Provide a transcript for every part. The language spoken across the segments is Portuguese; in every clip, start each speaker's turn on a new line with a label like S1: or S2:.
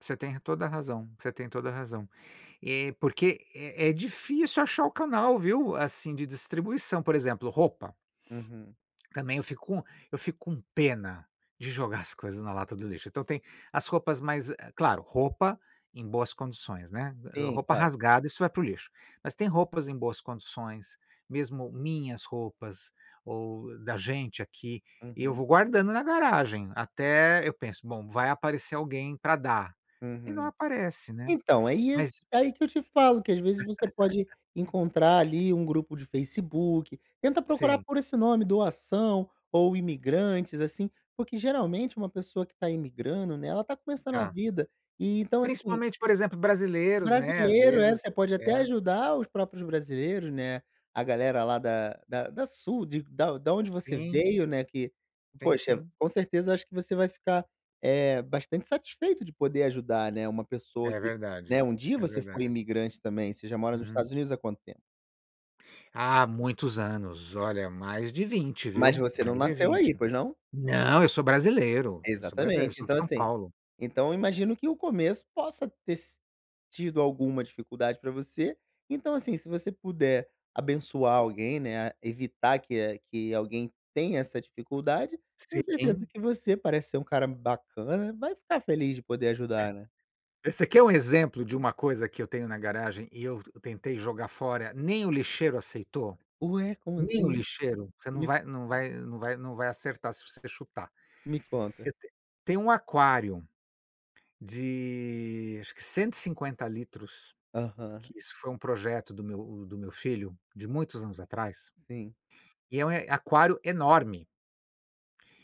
S1: Você tem re toda razão você tem toda razão. E, porque é é difícil achar o canal, viu? Assim de distribuição, por exemplo roupa.
S2: Uhum.
S1: Também eu fico com eu fico com pena de jogar as coisas na lata do lixo. Então tem as roupas mais eh claro, roupa em boas condições, né.
S2: Sim,
S1: Roupa
S2: claro.
S1: rasgada, isso vai para o lixo, mas tem roupas em boas condições, mesmo minhas roupas ou da gente aqui, eu
S2: Uhum.
S1: vou guardando na garagem. Até eu penso: "Bom, vai aparecer alguém pra dar" e não
S2: Uhum.
S1: aparece, né?
S2: Então, isso
S1: Mas
S2: aí que eu te falo, que às vezes, você pode encontrar ali um grupo de Facebook. Tenta procurar
S1: Sim.
S2: por esse nome, doação ou imigrantes assim. Porque geralmente uma pessoa que está imigrando, né, ela está começando a
S1: Tá.
S2: vida, e então assim
S1: Principalmente, por exemplo, brasileiros, né? Às
S2: Brasileiro é,
S1: vezes
S2: você pode até
S1: É.
S2: ajudar os próprios brasileiros, né, a galera lá da da sul da de onde você
S1: Sim.
S2: veio, né, que,
S1: Sim,
S2: poxa,
S1: sim.
S2: com certeza, eu acho que você vai ficar, eh, bastante satisfeito de poder ajudar, né. Uma pessoa
S1: É
S2: que,
S1: verdade,
S2: né, um dia
S1: é
S2: você foi
S1: verdade.
S2: imigrante também. Você já mora nos
S1: Uhum.
S2: Estados Unidos há quanto tempo?
S1: Ah, muitos anos. Olha, mais de 20,
S2: Mas
S1: viu?
S2: você não
S1: Mais de
S2: nasceu
S1: 20.
S2: aí, pois não?
S1: Não, eu sou brasileiro eu sou brasileiro, eu
S2: Exatamente.
S1: sou de
S2: Então,
S1: São
S2: assim,
S1: Paulo.
S2: então eu imagino que o começo possa ter si tido alguma dificuldade pra você, então assim, se você puder abençoar alguém né, evitar que que alguém tenha essa dificuldade, tenho certeza
S1: Sim.
S2: que você, parece ser um cara bacana, vai ficar feliz de poder ajudar, né?
S1: E você quer um exemplo de uma coisa que eu tenho na garagem, e eu tentei jogar fora, nem o lixeiro aceitou?
S2: Ué, como
S1: Nem o
S2: assim?
S1: lixeiro. Você não
S2: Me
S1: vai não vai não vai não vai acertar se você quer chutar.
S2: Me conta.
S1: Eu te tenho um aquário de acho que 150 litros,
S2: Aham.
S1: que isso foi um projeto do meu do meu filho, de muitos anos atrás.
S2: Sim.
S1: E é um aquário enorme.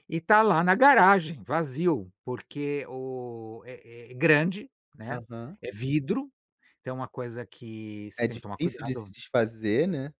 S1: E está lá na garagem, vazio, porque o é é grande, né?
S2: Aham.
S1: É vidro, então é uma coisa que você
S2: É
S1: tem que tomar
S2: difícil de se
S1: cuidado.
S2: desfazer, né?